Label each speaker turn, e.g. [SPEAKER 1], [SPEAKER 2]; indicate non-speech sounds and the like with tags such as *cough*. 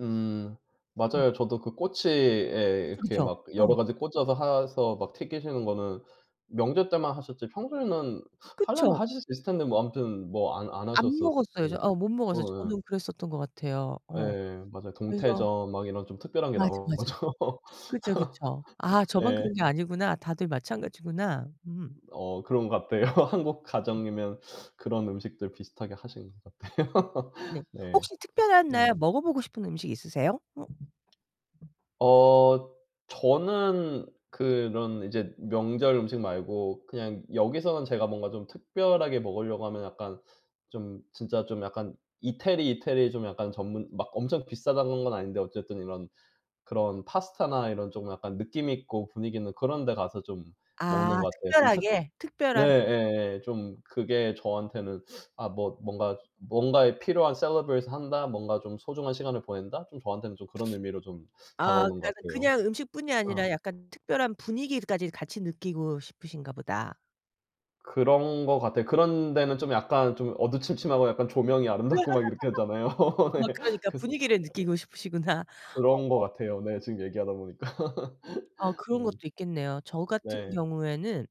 [SPEAKER 1] 음
[SPEAKER 2] 음.
[SPEAKER 1] 맞아요. 저도 그 꼬치에 이렇게
[SPEAKER 2] 그쵸, 그쵸.
[SPEAKER 1] 막
[SPEAKER 2] 어.
[SPEAKER 1] 여러 가지 꽂아서 해서 막 튀기시는 거는 명절 때만 하셨지 평소에는 하려면
[SPEAKER 2] 그쵸.
[SPEAKER 1] 하실 수 있을 텐데 뭐 아무튼 뭐 안 안
[SPEAKER 2] 안
[SPEAKER 1] 하셨었
[SPEAKER 2] 먹었어요.
[SPEAKER 1] 음.
[SPEAKER 2] 저 어 못 먹었어요.
[SPEAKER 1] 어 예.
[SPEAKER 2] 저는 그랬었던 것 같아요. 어.
[SPEAKER 1] 예 맞아요.
[SPEAKER 2] 그래서
[SPEAKER 1] 동태전 막 이런 좀 특별한 게
[SPEAKER 2] 맞아, 맞아.
[SPEAKER 1] 나오죠.
[SPEAKER 2] 그쵸, 그쵸. 아
[SPEAKER 1] *laughs*
[SPEAKER 2] 저만
[SPEAKER 1] 예.
[SPEAKER 2] 그런 게 아니구나. 다들 마찬가지구나. 음.
[SPEAKER 1] 어 그런 것 같아요. 한국
[SPEAKER 2] 음.
[SPEAKER 1] 가정이면 그런 음식들 비슷하게 하신 것 같아요.
[SPEAKER 2] 네.
[SPEAKER 1] *laughs* 네.
[SPEAKER 2] 혹시 특별한
[SPEAKER 1] 음.
[SPEAKER 2] 날 먹어보고 싶은 음식 있으세요? 어.
[SPEAKER 1] 어 저는 그런 이제 명절 음식 말고 그냥 여기서는 제가 뭔가 좀 특별하게 먹으려고 하면 약간 좀 진짜 좀 약간 이태리, 이태리 좀 약간 전문 막 엄청 비싸다는 건 아닌데 어쨌든 이런 그런 파스타나 이런 좀 약간 느낌 있고 분위기 있는 그런 데 가서 좀 먹는
[SPEAKER 2] 아
[SPEAKER 1] 것 같아요. 좀 특
[SPEAKER 2] 특별하게?
[SPEAKER 1] 네
[SPEAKER 2] 특별한.
[SPEAKER 1] 예예 좀 그게 저한테는 아 뭐 뭔가, 뭔가에 필요한' celebrate을 한다. 뭔가 좀 소중한 시간을 보낸다.' 좀 저한테는 그런 의미로 좀
[SPEAKER 2] 아
[SPEAKER 1] 다가오는
[SPEAKER 2] 약간
[SPEAKER 1] 것 같아요.
[SPEAKER 2] 그냥 음식뿐이 아니라
[SPEAKER 1] 어.
[SPEAKER 2] 약간 특별한 분위기까지 같이 느끼고 싶으신가 보다.
[SPEAKER 1] 그런 것 같아요. 그런 데는 좀 약간 좀 어두침침하고 약간 조명이 아름답고 막 이렇게 하잖아요. *laughs*
[SPEAKER 2] *laughs* 어
[SPEAKER 1] 네.
[SPEAKER 2] 그러니까
[SPEAKER 1] 그래서
[SPEAKER 2] 분위기를 느끼고 싶으시구나.
[SPEAKER 1] 그런 것
[SPEAKER 2] 어.
[SPEAKER 1] 같아요 네 지금 얘기하다 보니까.
[SPEAKER 2] 아
[SPEAKER 1] *laughs*
[SPEAKER 2] 그런 것도
[SPEAKER 1] 음.
[SPEAKER 2] 있겠네요. 저 같은
[SPEAKER 1] 네.
[SPEAKER 2] 경우에는